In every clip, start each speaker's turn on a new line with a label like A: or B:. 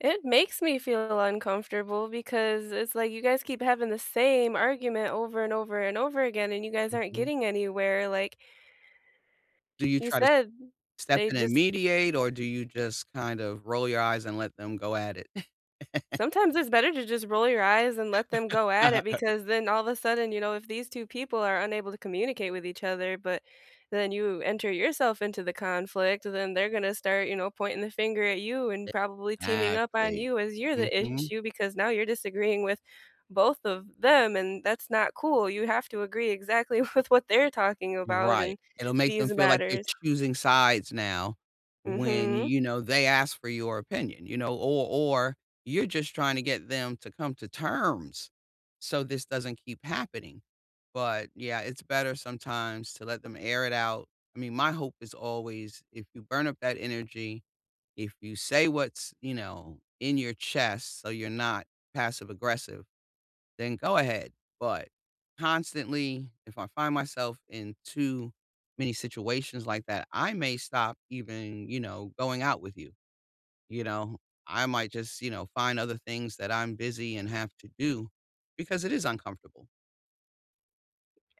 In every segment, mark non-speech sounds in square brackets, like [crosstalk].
A: It makes me feel uncomfortable because it's like you guys keep having the same argument over and over and over again, and you guys aren't
B: Mhm.
A: getting anywhere, like
B: Do you
A: you
B: try to
A: said,
B: step
A: they
B: in and
A: just
B: mediate or do you just kind of roll your eyes and let them go at it? [chuckles]
A: Sometimes it's better to just roll your eyes and let them
B: [chuckles]
A: go at
B: Uh-huh,
A: it
B: I her
A: because then all of a sudden, you know, if these 2 people are unable to communicate with each other, but, then you enter yourself into the conflict, then they're gonna start, you know, pointing the finger at you and probably teaming up on
B: Exactly.
A: you, as you're the
B: Mhm.
A: issue because now you're disagreeing with both of them, and that's not cool. You have to agree exactly with what they're talking about
B: Right.
A: in
B: It'll make them
A: these
B: feel like you're
A: matters.
B: choosing sides now when,
A: Mhm.
B: you know, they ask for your opinion, you know, or or you're just trying to get them to come to terms, so this doesn't keep happening, but yeah, it's better sometimes to let them air it out. I mean, my hope is always if you burn up that energy, if you say what's, you know, in your chest so you're not passive aggressive, then go ahead, but constantly, if I find myself in too many situations like that, I may stop even, you know, going out with you, you know, I might just, you know, find other things that I'm busy and have to do, because it is uncomfortable.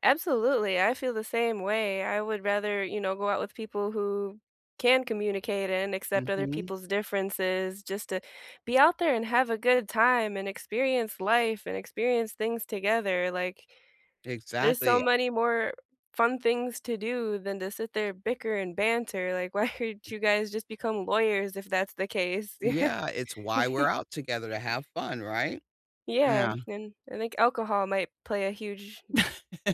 A: Absolutely, I feel the same way. I would rather, you know, go out with people who can communicate and accept other
B: Mhm.
A: people's differences just to be out there and have a good time, and experience life and experience things together. Like, there's so
B: Exactly.
A: many more fun things to do than to sit there bicker and banter, like, "Why aren't you guys just become lawyers if that's the case?"
B: Yeah, it's why we're
A: [laughs]
B: out together, to have fun, right?
A: Yeah,
B: Yeah.
A: and I think alcohol might play a huge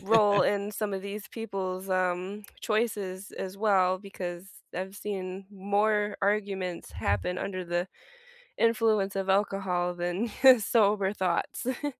A: role in some of these people's, um, choices as well because I've seen more arguments happen under the influence of alcohol than [chuckles] sober thoughts. [chuckles]